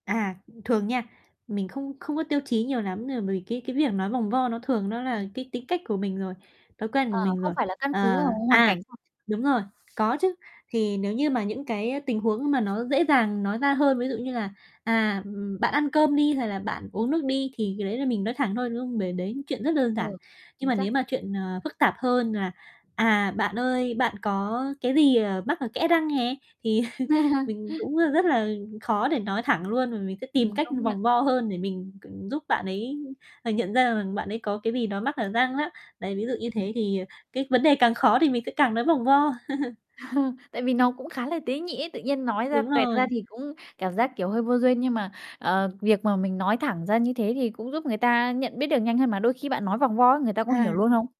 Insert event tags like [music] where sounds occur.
À, thường nha, mình không không có tiêu chí nhiều lắm, ờ, vì cái cái việc nói vòng vo nó thường nó là Ừm. cái tính cách của mình rồi, thói quen của Ờ, mình không rồi. phải là căn cứ Ờ, vào hoàn à, cảnh [unintelligible] đúng rồi, có chứ. Thì nếu như mà những cái tình huống mà nó dễ dàng nói ra hơn, ví dụ như là, à, ừm, bạn ăn cơm đi, hay là bạn uống nước đi, thì cái đấy là Ừm. mình nói thẳng thôi, đúng không? Bởi đấy chuyện rất đơn Ờ, giản. Nhưng chính mà xác. nếu mà chuyện, ờ, phức tạp hơn là, à, bạn ơi, bạn có cái gì, ờ, mắc ở kẽ răng nè thì [chuckles] [chuckles] mình cũng rất rất là khó để nói thẳng luôn. Và mình sẽ tìm Ừm, cách công nhận. vòng vo hơn để mình c giúp bạn ấy nhận ra rằng bạn ấy có cái gì đó mắc ở răng á. Đấy, ví dụ như Ưm, ừm. thế, thì, à, cái vấn đề càng khó thì mình sẽ càng nói vòng vo. [chuckles] [chuckles] Tại vì nó cũng khá là tế nhị ấy. Tự nhiên nói ra Đúng toẹt ra rồi. thì cũng cảm giác, kiểu, hơi vô duyên. Nhưng mà, ờ, việc mà mình nói thẳng ra như thế thì cũng giúp người ta nhận biết được nhanh hơn mà, đôi khi bạn nói vòng vo á, người ta có hiểu luôn À. hông?